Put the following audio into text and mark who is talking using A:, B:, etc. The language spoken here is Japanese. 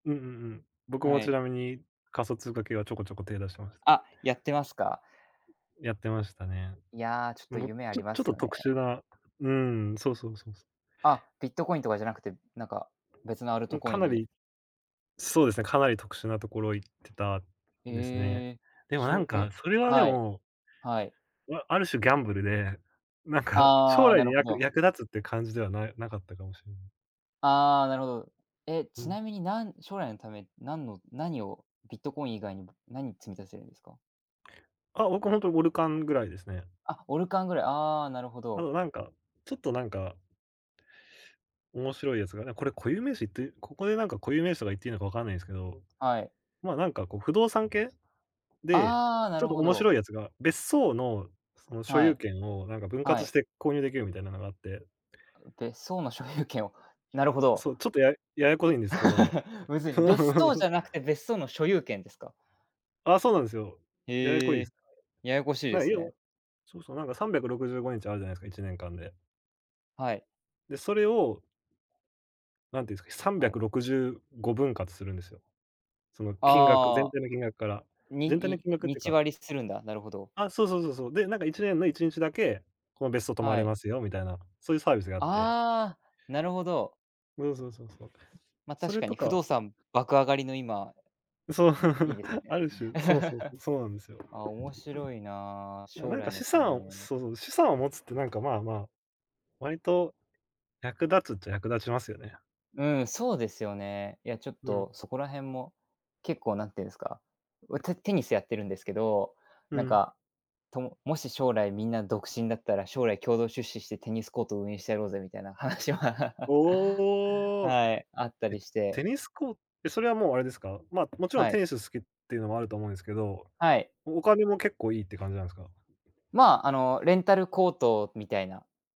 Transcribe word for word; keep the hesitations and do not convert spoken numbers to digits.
A: うんうんうん。僕
B: は
A: もち
B: い。
A: なみに、仮想通貨系はちょこちょこ手出してます。
B: あ、やってますか？
A: やってましたね。
B: いや、ちょっと
A: もう、
B: 夢あ
A: ちょ
B: りま
A: ちょっ
B: す
A: と
B: よね。
A: 特殊な、うん、そうそうそうそう。
B: あ、ビットコインとかじゃなくて、何か別のアル
A: も
B: ト
A: う
B: コ
A: か
B: イン
A: な
B: に。
A: り。そうですね、かなり特殊なところ行ってたですね。
B: ええ、
A: でも
B: し
A: な
B: ょう
A: ん
B: え、
A: かそれはで
B: はい、
A: も
B: はい。
A: わある種ギャンブルで、なんか
B: あ
A: 将
B: あ、
A: 来
B: なる
A: に、
B: ほ
A: やく
B: ど。
A: 役立つって感じではないなかったかもしれない。
B: ああ、なるほど。え、
A: う
B: ち
A: ん。
B: なみに何将来のため、何の何をビットコイン以外にも、何積み立てるんですか？
A: あ、僕は本当にオルカンぐらいですね。
B: あ、オルカンぐらい、ああなるほ
A: あ
B: ど。
A: のなんか、ちょっとなんか面白いやつがね、これ固有名詞って、ここでなんか固有名詞とか言っていいのかわかんないんですけど。
B: はい。
A: まあ、なんかこう不動産系で、
B: ああ、な
A: ちょっ
B: る
A: と
B: ほ
A: 面
B: ど。
A: 白いやつが別荘のその所
B: は
A: 有
B: い。
A: 権をなんか分
B: は
A: 割し
B: い。
A: て購入できるみたいなのがあって。
B: あう、別荘の所有権をなるほど。
A: そう、ちょっとやややこいんですけど。
B: むずい。別荘 じゃなくて別荘の所有権ですか？
A: ああ、そうなんですよ。ややこい
B: へ
A: で
B: え、
A: す。
B: ややこしい
A: ま
B: で
A: あ
B: す
A: 要は
B: ね。
A: そうそう、なんかさんびゃくろくじゅうごにちあるじゃないですか、いちねんかんで。
B: はい。
A: で、それをなんて言うんですか、さんび
B: は
A: ゃく
B: い。
A: ろくじゅうご分割するんですよ。その金額、
B: あ
A: 全
B: あ。
A: 体の金額から、
B: に
A: 全体の金額っ
B: に
A: ていう
B: 日
A: か。
B: 割りするんだ、なるほど。
A: あ、そうそうそうそう、でなんかいちねんのいちにちだけ、この別荘泊ま
B: は
A: れ
B: い。
A: ますよみたいな、そういうサービスがあって。
B: ああ、なるほど。
A: そうそうそうそう。
B: まあ
A: そ
B: 確
A: れ
B: かに
A: と
B: 不
A: か
B: 動産爆上がりの今、
A: そう、
B: いいです ね。
A: ある種、そうそう そう、そうなんですよ。
B: あ、面白いなあ、
A: な
B: 将
A: なんか
B: 来の
A: 資
B: た
A: 産を、
B: め。
A: そうそう、資産を持つってなんかまあまあ、割と、役立つっちゃ役立ちますよね。
B: うん、そうですよね。いや、ちょっ
A: うん。
B: とそこらへんも結構何て言うんですか、おテテニスやってるんですけど、
A: う
B: なん
A: ん。
B: か、とももし将来みんな独身だったら将来共同出資してテニスコートを運営してやろうぜみたいな話は
A: おお、
B: はい、あった
A: え、
B: りして。
A: テニスコーえ、それはもうあれですか？まあ、もちろん
B: は
A: テ
B: い。
A: ニス好きっていうのもあると思うんですけど、
B: はい。
A: おお金も結構いいって感じなんですか？
B: まああの、レンタルコートみたいな。